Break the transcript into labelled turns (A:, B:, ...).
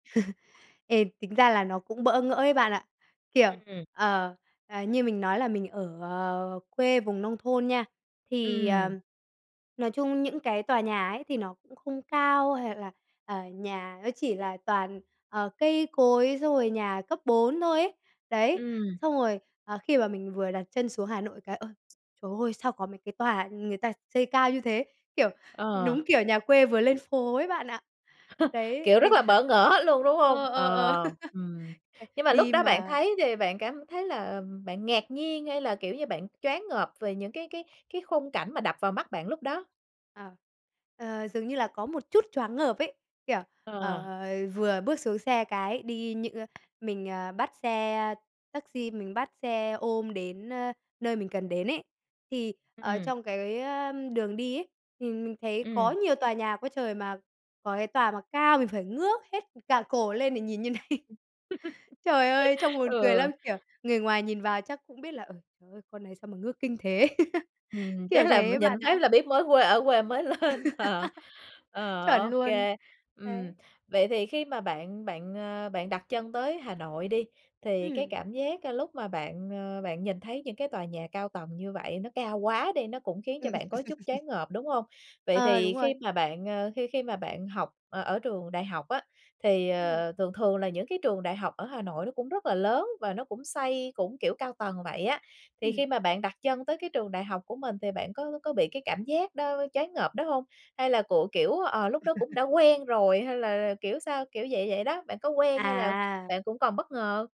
A: Ê, tính ra là nó cũng bỡ ngỡ ấy bạn ạ, kiểu,
B: Ừm.
A: ờ, à, như mình nói là mình ở, à, quê vùng nông thôn nha, thì,
B: Ừm.
A: ờm, nói chung những cái tòa nhà ấy thì nó cũng không cao, hay là, ờ, nhà nó chỉ là toàn, ờ, cây cối xong rồi nhà cấp bốn thôi ấy. Đấy,
B: Ừm.
A: xong rồi, à, khi mà mình vừa đặt chân xuống Hà Nội cái "Ôi, trời ơi! Sao có mấy cái tòa người ta xây cao như thế!", kiểu,
B: Ờ.
A: đúng kiểu nhà quê vừa lên phố ấy bạn ạ. Đấy,
B: Kiểu, rất
A: mình
B: là
A: cảm giác
B: bỡ ngỡ luôn, đúng hông?
A: ờ, ờ, ờ,
B: Ờ, ừm,
A: c
B: nhưng mà lúc
A: đi
B: đó bạn
A: mà
B: thấy thì bạn cảm thấy là, ừm, bạn ngạc nhiên hay là, kiểu như, bạn choáng ngợp về những cái cái cái khung cảnh mà đập vào mắt bạn lúc đó?
A: À, ờ, dường như là có một chút choáng ngợp ấy, kiểu, ờ,
B: Ờ.
A: vừa bước xuống xe cái đi những, ơ, mình, ờ, bắt xe taxi, mình bắt xe ôm đến, a, nơi mình cần đến ấy, thì, ờ,
B: Ừm.
A: trong cái, ờ, đường đi ấy, thì mình thấy
B: Ừm.
A: có nhiều tòa nhà quá trời, mà có cái tòa mà cao mình phải ngước hết cả cổ lên để nhìn như này. Trời ơi, trông buồn cười
B: Ừ.
A: lắm! Kiểu, người ngoài nhìn vào chắc cũng biết là, ừ "Trời ơi, con này sao mà ngước kinh thế?".
B: Ừm, chắc
A: Kiểu
B: là
A: thế
B: mình
A: ấy
B: nhìn
A: bạn
B: phát
A: ạ.
B: là biết mới quê ở quê mới lên. Ờ. Ờ,
A: Chuẩn luôn,
B: OK. Ừm,
A: đấy.
B: vậy thì khi mà bạn bạn, à, bạn đặt chân tới Hà Nội đi, thì cái
A: Ừm.
B: cảm giá lúc mà bạn, ờ, bạn nhìn thấy những cái tòa nhà cao tầng như vậy nó cao quá đi, nó cũng khiến cho
A: Ừm.
B: bạn có chút choáng ngợp, đúng hông? Vậy
A: À,
B: thì
A: đúng rồi.
B: khi mà bạn, ờ, khi khi mà bạn học ở trường đại học á, thì,
A: Ừm.
B: ờ, thường thường là những cái trường đại học ở Hà Nội nó cũng rất là lớn và nó cũng xây cũng, kiểu, cao tầng vậy á, thì
A: Ừm.
B: khi mà bạn đặt chân tới cái trường đại học của mình thì bạn có c có bị cái cảm giác đó choáng ngợp đó hông? Hay là của kiểu, ờ, lúc đó cũng đã quen rồi, hay là kiểu sao? Kiểu vậy vậy đó, bạn có quen hay là
A: À!
B: bạn cũng còn bất ngờ?